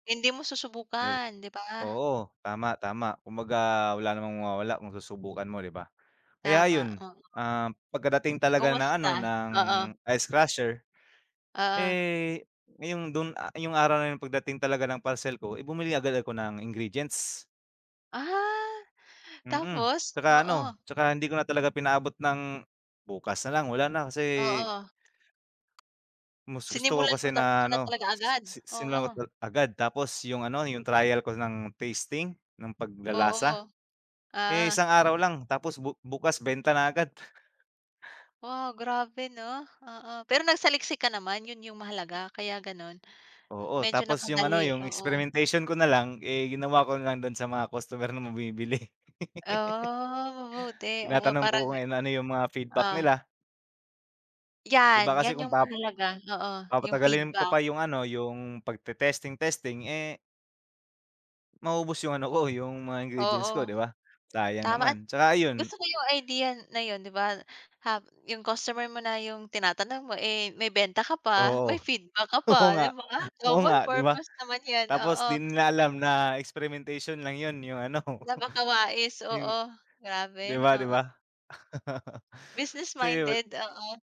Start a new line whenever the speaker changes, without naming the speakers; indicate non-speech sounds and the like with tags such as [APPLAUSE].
Hindi mo
New
susubukan, 'di ba?
Oo. Tama, tama kumbaga wala namang mawawala kung susubukan mo, 'di ba? Kaya
Tama,
ayun,
oo.
ah, pagkadating talaga ng, ano,
Kumusta?
ng
Oo.
ice crusher.
Oo.
Eh, ngayong do'n, ah, 'yong araw na 'yon pagdating talaga ng parcel ko, eh, bumili agad ako ng ingredients.
Ah,
Mm,
tapos?
'tsaka, ano,
Oo.
'tsaka hindi ko na talaga pinaabot ng bukas na lang, wala na kasi
Oo.
mas gusto ko
Sinimulan mo
kasi
na ta mo
na,
na
ano,
talaga
s
agad,
s si simulan
oo.
ko tal agad. Tapos 'yong, ano, 'yong trial ko ng tasting ng
Oo.
paglalasa, eh,
Oo.
isang araw lang, tapos bu bukas benta na agad. [CHUCKLES]
Wow, grabe, 'no? Oo, pero nagsaliksik ka naman 'yon 'yong mahalaga. Kaya gano'n,
Oo,
medyo
tapos 'yong, ano,
napadali,
'yong
oo.
experimentation ko nalang, eh, ginawa ko na lang do'n sa mga customer na bumibili. [LAUGHS]
Oh, mabuti, oo,
Tinatanong ko
parang,
kung ena ano 'yong mga feedback
ah oh.
nila. 'Di ba,
'Yan,
kasi
'yan
kung
'yong
pap
mahalaga, oo, 'yong
papatagalin ko
feedback.
pa 'yong, ano, 'yong pagte-testing testing, eh maubos 'yong ano ko, 'yong mga ingredients ko,
Oo.
'di ba? Sayang
Tama at
naman. 'Tsaka ayun
gusto ko 'yong idea na 'yon, 'di ba? Hab 'yong customer mo na 'yong tinatanong mo, eh, may benta ka pa
Oo.
may feedback ka
Oo
pa.
nga.
'Di ba,
Oo nga,
double
'di ba?
purpose naman 'yan,
Tapos di
oo.
nila alam na experimentation lang 'yon 'yong, ano,
Napakawais,
'yong
oo.
'di
Grabe,
ba, 'di
oo.
ba? [CHUCKLES] So 'yon
Business-minded, oo.